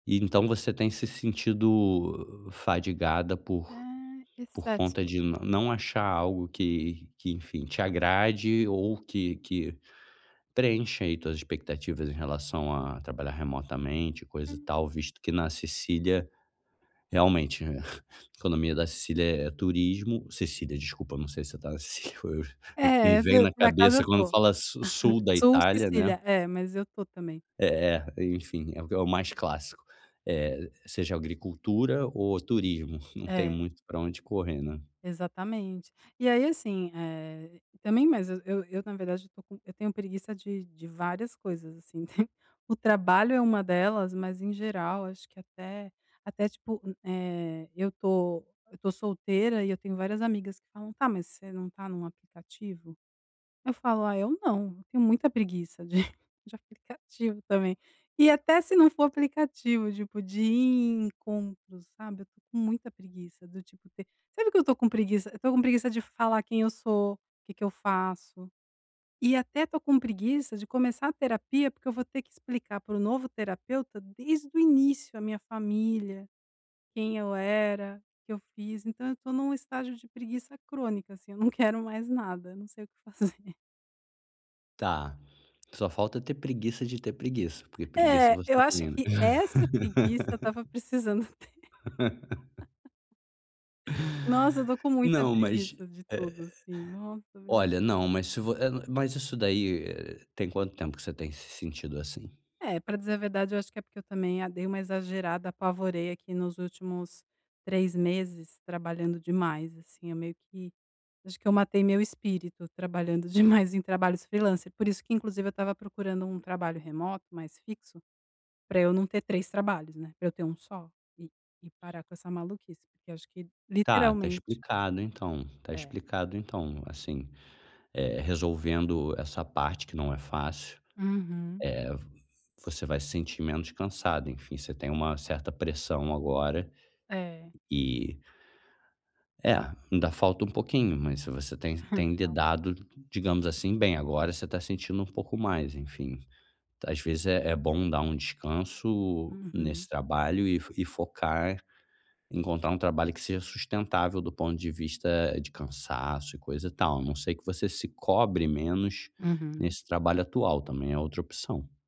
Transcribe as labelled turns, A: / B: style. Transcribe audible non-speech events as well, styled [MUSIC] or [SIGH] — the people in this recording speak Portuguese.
A: Então você tem se sentido fadigada por
B: Ah,
A: por
B: excessos.
A: conta de não não achar algo que que, enfim, te agrade ou que que preenche aí tuas expectativas em relação a trabalhar remotamente e coisa e
B: Hum.
A: tal, visto que na Sicília, realmente, né, [LAUGHS] economia da Sicília é turismo, Sicília, desculpa, não sei se você está [LAUGHS] na Sicília, me
B: É,
A: vem
B: por
A: na
B: por acaso eu
A: cabeça quando
B: estou.
A: fala sul
B: [LAUGHS]
A: da
B: Sul
A: Itália, né?
B: Sicília, é, mas eu estou também.
A: É é, enfim, é o mais clássico, eh, seja agricultura ou turismo, não tem
B: É.
A: muito para onde correr, né?
B: Exatamente. E aí, assim, eh, também mas eu eu, na verdade, eu estou com eu tenho preguiça de de várias coisas, assim, [CHUCKLES] o trabalho é uma delas, mas em geral acho que até até tipo, eh, eu estou eu estou solteira, e eu tenho várias amigas que falam: "Tá, mas você não está num aplicativo?" Eu falo: "Ah, eu não." Eu tenho muita preguiça de de aplicativo também. E até se não for aplicativo, tipo de ir em encontros, sabe? Eu estou com muita preguiça, do tipo ter sabe, o que eu estou com preguiça? Eu estou com preguiça de falar quem eu sou, o que que eu faço, e até estou com preguiça de começar a terapia porque eu vou ter explicar pro novo terapeuta desde o início a minha família, quem eu era, o que eu fiz, então eu estou num estágio de preguiça crônica assim, eu não quero mais nada, eu não sei o que fazer.
A: Tá, só falta ter preguiça de ter preguiça, porque preguiça
B: É,
A: você
B: eu acho
A: ter.
B: que essa preguiça eu estava precisando ter.
A: [LAUGHS]
B: [LAUGHS] Nossa, eu estou com muita
A: Não, mas,
B: preguiça de tudo,
A: eh
B: assim, nossa, meu
A: olha,
B: Deus.
A: não, mas se vo é mas isso daí, tem quanto tempo que você tem se sentido assim?
B: É, pra dizer a verdade eu acho que é porque eu também, eh, dei uma exagerada, apavorei aqui nos últimos 3 meses trabalhando demais, assim, eu meio que eu acho que eu matei meu espírito trabalhando demais em trabalhos freelancer, por isso que, inclusive, eu estava procurando um trabalho remoto, mais fixo, pra eu não ter 3 trabalhos, né, pra eu ter um só e e parar com essa maluquice, porque acho que
A: Tá, está
B: literalmente
A: explicado, então, está
B: É.
A: explicado então, assim, eh, resolvendo essa parte que não é fácil, eh,
B: Uhum.
A: vo você vai se sentir menos cansado, enfim, você tem uma certa pressão agora
B: É.
A: e É, ainda falta um pouquinho, mas se você tem tem
B: Então.
A: lidado, digamos assim, bem, agora você está sentindo um pouco mais, enfim. Às vezes é é bom dar um descanso
B: Uhum.
A: nesse trabalho e fo e focar encontrar um trabalho que seja sustentável do ponto de vista de cansaço e coisa tal, a não ser que você se cobre menos
B: Uhum.
A: nesse trabalho atual, também é outra opção.